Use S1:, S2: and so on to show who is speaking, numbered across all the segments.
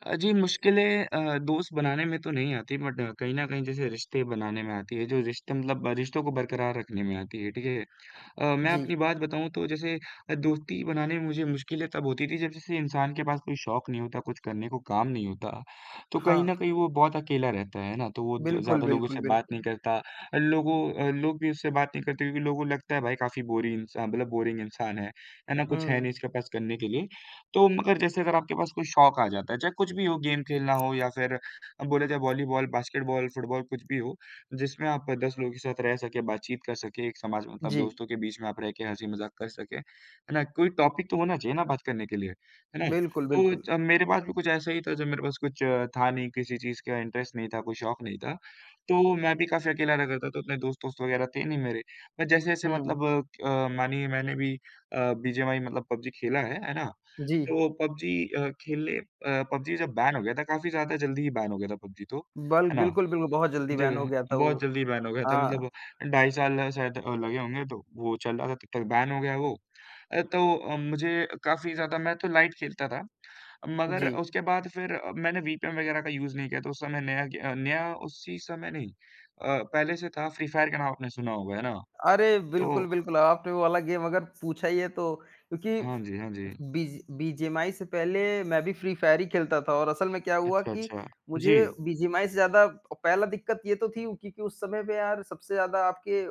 S1: अ, जी मुश्किलें अ, दोस्त बनाने में तो नहीं आती बट कहीं न कहीं जैसे रिश्ते बनाने में आती है, जो रिश्ता मतलब रिश्तों को बरकरार रखने में आती है, ठीक है? अ, मैं
S2: जी।
S1: अपनी बात बताऊँ तो जैसे अ, दोस्ती बनाने में मुझे मुश्किलें तब होती थी, जब जैसे इंसान के पास कोई शौक नहीं होता, कुछ करने को काम नहीं होता, तो कहीं न
S2: हाँ।
S1: कहीं वो बहुत अकेला रहता है, है ना? तो वो द
S2: बिल्कुल,
S1: ज़्यादा लोगों
S2: बिल्कुल,
S1: से बात नहीं
S2: बिल्कुल।
S1: करता अ, लोगों अ, लोग भी उससे बात नहीं करते क्योंकि लोगों लगता है भाई काफ़ी बोरिन इंसा मतलब बोरिंग इंसान है, है ना? कुछ है
S2: हुँ।
S1: नहीं इसके पास करने के लिए। तो मगर जैसे अगर आपके पास कोई शौक आ जाता है, चाहे कुछ भी हो, गेम खेलना हो या फिर अ, बोले चाहे वॉलीबॉल, बास्केटबॉल, फुटबॉल कुछ भी हो, जिसमें आप 10 लोगों के साथ रह सके, बात-चीत कर सके, एक समाज मतलब
S2: जी।
S1: दोस्तों के बीच में आप रह के हँसी-मजाक कर सके, है ना? कोई टॉपिक तो होना चाहिए ना बात करने के लिए, है ना?
S2: बिल्कुल,
S1: तो
S2: बिल्कुल।
S1: ज मेरे पास भी कुछ ऐसा ही था जब मेरे पास कुछ था नहीं, किसी चीज़ का इंटरेस्ट नहीं था, कोई शौक नहीं था, तो मैं भी काफ़ी अकेला रहता था, तो इतने दोस्त-वोस्त वगैरह थे नहीं मेरे। अ, जैसे-जैसे
S2: हुँ, हुँ।
S1: मतलब अ, क मानिए मैंने भी अ, बीजीएमआई मतलब पबजी खेला है, है ना?
S2: जी।
S1: तो पबजी अ, खेले अ, पबजी जब बैन हो गया था, काफ़ी ज़्यादा जल्दी ही बैन हो गया था पबजी तो,
S2: बल
S1: है ना?
S2: बिल्कुल, बिल्कुल, बहुत जल्दी बैन हो
S1: जगह
S2: गया था वो।
S1: बहुत जल्दी बैन हो गया था मतलब
S2: हाँ।
S1: अ, ढाई साल शायद लगे होंगे तो वो चल रहा था, तब तक बैन हो गया वो। अ, तो अ, मुझे काफ़ी ज़्यादा मैं तो लाइट खेलता था, मगर
S2: जी।
S1: उसके बाद फिर मैंने विपिएन वगैरह का यूज़ नहीं किया तो उस समय नया क्य नया उसी समय नहीं अ, पहले से था फ्री फायर का नाम आपने सुना होगा, है ना?
S2: अरे! बिल्कुल,
S1: तो
S2: बिल्कुल, आपने वो वाला गेम अगर पूछा ही है तो क्योंकि
S1: हाँ जी, हाँ जी।
S2: बीज बीजीएमआई से पहले मैं भी फ्री फायर ही खेलता था और असल में क्या हुआ
S1: अच्छा,
S2: कि
S1: अच्छा।
S2: मुझे
S1: जी।
S2: बीजीएमआई से ज़्यादा ओ पहला दिक्कत ये तो थी क्योंकि उस समय पे यार सबसे ज़्यादा आपके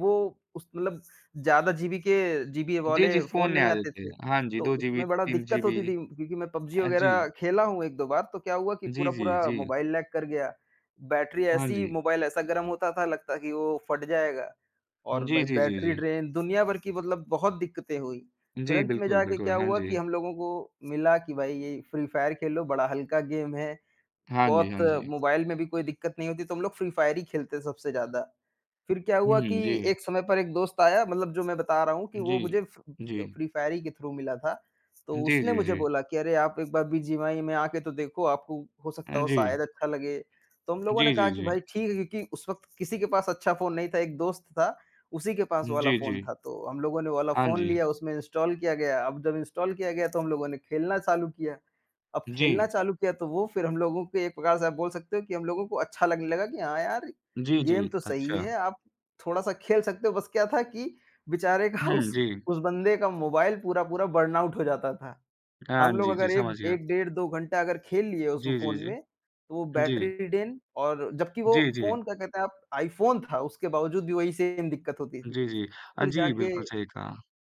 S2: वो उस मतलब ज़्यादा जीबी के जीबी
S1: जी, जी,
S2: वाले
S1: फ़ोन
S2: फ़ोन
S1: नहीं
S2: नहीं
S1: आ रहे
S2: आते
S1: थे,
S2: थे।
S1: हाँ जी,
S2: तो
S1: 2 जीबी,
S2: उसमें बड़ा
S1: 3
S2: दिक्कत
S1: जीबी।
S2: होती थी क्योंकि मैं पबजी
S1: अ, जी।
S2: वगैरह खेला हूँ 1-2 बार, तो क्या हुआ कि
S1: जी, जी,
S2: पूरा-पूरा
S1: जी।
S2: मोबाइल लैग कर गया, बैटरी
S1: हाँ
S2: ऐसी
S1: जी।
S2: मोबाइल ऐसा गरम होता था लगता कि वो फट जाएगा। और
S1: जी,
S2: भाई
S1: जी, जी,
S2: बैटरी
S1: जी।
S2: ड्रेन दुनिया भर की मतलब बहुत दिक्कतें हुई, फिर
S1: जी,
S2: अंत में
S1: बिल्कुल,
S2: जाके
S1: बिल्कुल,
S2: क्या
S1: हाँ
S2: हुआ
S1: जी।
S2: कि हम लोगों को मिला कि भाई ये फ्री फायर खेलो, बड़ा हल्का गेम है,
S1: हाँ जी,
S2: बहुत
S1: हाँ जी।
S2: मोबाइल में भी कोई दिक्कत नहीं होती तो हम लोग फ्री फायर ही खेलते सबसे ज़्यादा। फिर क्या हुआ कि
S1: हुँ, जी।
S2: एक समय पर एक दोस्त आया मतलब जो मैं बता रहा हूँ कि
S1: जी,
S2: वो मुझे फ अ,
S1: जी।
S2: फ्री फायर ही के थ्रू मिला था, तो
S1: जी,
S2: उसने
S1: जी,
S2: मुझे
S1: जी।
S2: बोला कि अरे आप एक बार बीजीएमआई में आके तो देखो, आपको हो सकता
S1: अ,
S2: है वो शायद
S1: जी।
S2: अच्छा लगे। तो हम लोगों ने
S1: जी,
S2: कहा
S1: जी,
S2: कि
S1: जी।
S2: भाई ठीक है, क्योंकि उस वक़्त किसी के पास अच्छा फ़ोन नहीं था, एक दोस्त था उसी के पास वो
S1: हुँ,
S2: वाला
S1: जी,
S2: फ़ोन
S1: जी।
S2: था, तो हम लोगों ने वो वाला
S1: हाँ
S2: फ़ोन
S1: जी।
S2: लिया उसमें इंस्टॉल किया गया, अब जब इंस्टॉल किया गया, तो हम लोगों ने खेलना चालू किया। अब खेलना
S1: जी।
S2: चालू किया तो वो फिर हम लोगों को एक प्रकार से आप बोल सकते हो कि हम लोगों को अच्छा लगने लगा, कि हाँ, यार
S1: जी,
S2: गेम
S1: जी,
S2: तो सही
S1: अच्छा।
S2: है। आप थोड़ा-सा खेल सकते हो, बस क्या था कि बेचारे का
S1: हुँ,
S2: उस
S1: जी।
S2: उस बंदे का मोबाइल पूरा-पूरा बर्नआउट हो जाता था।
S1: हाँ
S2: हम लोग
S1: जी, जी,
S2: अगर एक
S1: समझ गया।
S2: 1 डेढ़ 2 घंटा अगर खेल लिए उसमें
S1: जी, जी,
S2: फ़ोन
S1: जी।
S2: में, तो वो
S1: जी।
S2: बैटरी ड्रेन और जबकि वो
S1: जी, जी।
S2: फ़ोन क्या कहते हैं आप iPhone था, उसके बावजूद भी वही सेम दिक्कत होती थी।
S1: जी, जी। अ,
S2: फिर
S1: जी,
S2: जाके
S1: बिल्कुल सही कहा।